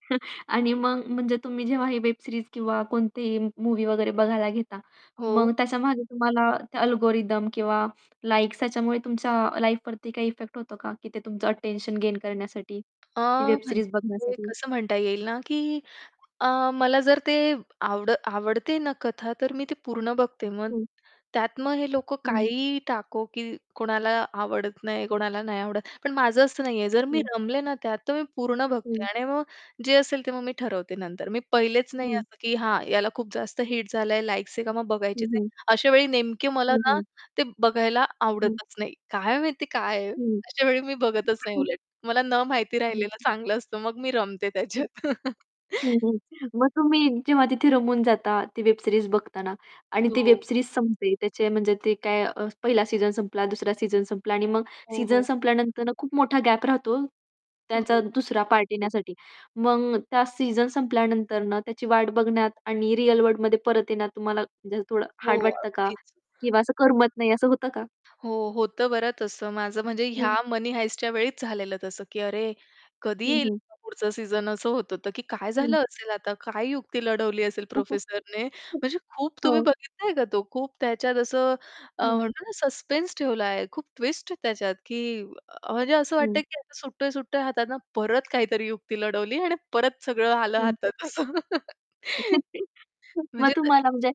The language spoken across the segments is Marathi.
आणि मग म्हणजे तुम्ही जेव्हा ही वेब सीरीज किंवा कोणतीही मूव्ही वगैरे बघायला घेता, मग हो. त्याच्यामागे तुम्हाला अल्गोरिथम किंवा लाइक्स ह्याच्यामुळे तुमच्या लाईफवरती काही इफेक्ट होतो का? की ते तुमचं अटेन्शन गेन करण्यासाठी अ, ती वेब सीरीज म्हणजे बघण्यासाठी? कसं म्हणता येईल ना, की अ, मला जर ते आवड आवडते ना कथा तर मी ती पूर्ण बघते मग हं. त्यात मग हे लोकं हं. काहीही टाको, की कोणाला आवडत नाही, कोणाला नाही आवडत. पण माझं असं नाहीये जर मी हं. रमले ना त्यात तर मी पूर्ण बघते हं. आणि आणि मग जे असेल ते मग मी ठरवते नंतर. मी पहिलेच नाही हं. असं की हां, याला खूप जास्त हिट झालंय, लाइक्स आहे का मग बघायचीच हं, आहे. हं. अशा वेळी नेमके मला हं, ना हं. ते बघायला हं. आवडतच नाही. काय माहिती काय आहे? हं. अशा वेळी मी बघतच नाही उलट. मला न माहिती राहिलेलं [unintelligible] चांगलं असतं मग मी रमते हं. त्याच्यात. हं, हं. मग तुम्ही जेव्हा तिथे रमून जाता ती वेब सीरीज बघताना आणि ती हो. वेब सीरीज संपते. त्याचे म्हणजे ते काय पहिला सीझन संपला, दुसरा सीझन संपला आणि मग हो, सीझन हो. संपल्यानंतर खूप मोठा गॅप राहतो, त्यांचा हो. दुसरा पार्ट येण्यासाठी. मग त्या सीझन संपल्यानंतर ना त्याची वाट बघण्यात आणि रिअल वर्ल्डमध्ये परत येण्यात तुम्हाला म्हणजे असं थोडं हो हार्ड वाटतं का? अगदीच. किंवा असं करमत नाही असं होतं का? हो होतं बरं तसं. माझं म्हणजे ह्या हं. Money Heistच्या वेळीच झालेलं तसं की अरे, कधी हं, येईल हं. हा पुढचा सीझन? असं होतं तर की काय हं. झालं असेल आता? काय युक्ती लढवली असेल प्रोफेसरने? म्हणजे खूप तुम्ही हो. बघितलंय का तो, खूप त्याच्यात असं अ, हं. म्हणतो ना अ, सस्पेन्स ठेवला आहे. खूप ट्विस्ट आहे त्याच्यात की म्हणजे असं हं. वाटतंय, की सुटतोय-सुटतोय हातातनं परत काहीतरी युक्ती लढवली आणि परत सगळं आलं हं. हातात असं. मग म्हणजे त तुम्हाला म्हणजे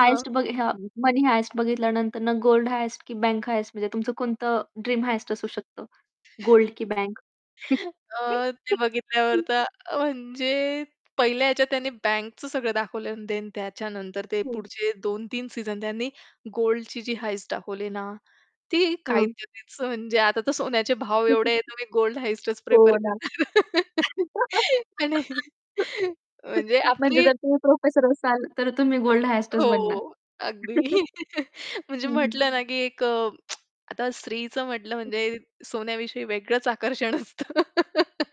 हं. बघि हां Money Heist बघितल्यानंतर गोल्ड हाइस्ट की बँक हाइस्ट म्हणजे तुमचं कोणतं ड्रीम हाइस्ट असू शकतं? गोल्ड की बँक? अ, ते बघितल्यावर तर म्हणजे पहिल्या ह्याच्यात त्यांनी बँकचं सगळं दाखवलं आणि देन त्याच्यानंतर ते हं. पुढचे 2-3 सीझन त्यांनी गोल्डची जी हाइस्ट दाखवली ना ती काय [unintelligible] हं. त्याच म्हणजे आता तर सोन्याचे भाव एवढे आहेत तर मी गोल्ड हाइस्टचं हो प्रिफर ना. करते. आणि म्हणजे म्हणजे आपली जर तुम्ही प्रोफेसर असाल तर तुम्ही गोल्ड हाइस्टच हो बनणार? अगदी. म्हणजे हं, हं. म्हटलं ना की एक आता स्त्रीचं म्हटलं म्हणजे सोन्याविषयी वेगळंच आकर्षण असतं.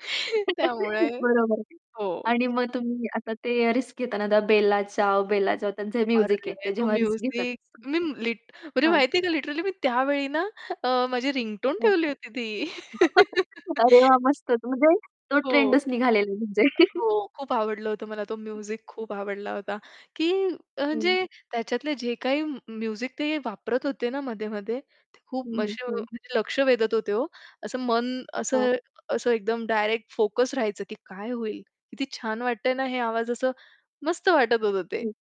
त्यामुळे बरोबर. हो. आणि मग तुम्ही आता ते रिस्क घेताना आता बेला चाओ, बेला चाओ त्यांचं म्युझिक आहे अरे, ते तो जेव्हा रिस्क घेतात. म्युझिक मी लीट म्हणजे हां. माहितीये का लिटरली मी त्यावेळी ना अ, माझी रिंगटोन [unintelligible] ठेवली होती ती. अरे, वाह मस्तच, म्हणजे तो हो. ट्रेंडच निघालेला म्हणजे. अ, हो खूप आवडलं होतं मला तो म्युझिक खूप आवडला होता, की हं. म्हणजे त्याच्यातले जे काही म्य म्युझिक ते वापरत होते ना मध्ये-मध्ये ते खूप [unintelligible] हं, हं, हं. म्हणजे लक्ष वेधत होते हो. असं मन हां. असं असं एकदम डायरेक्ट फोकस राहायचं की काय होईल? किती छान वाटतंय ना हे आवाज. असं मस्त वाटत होतं ते. हं.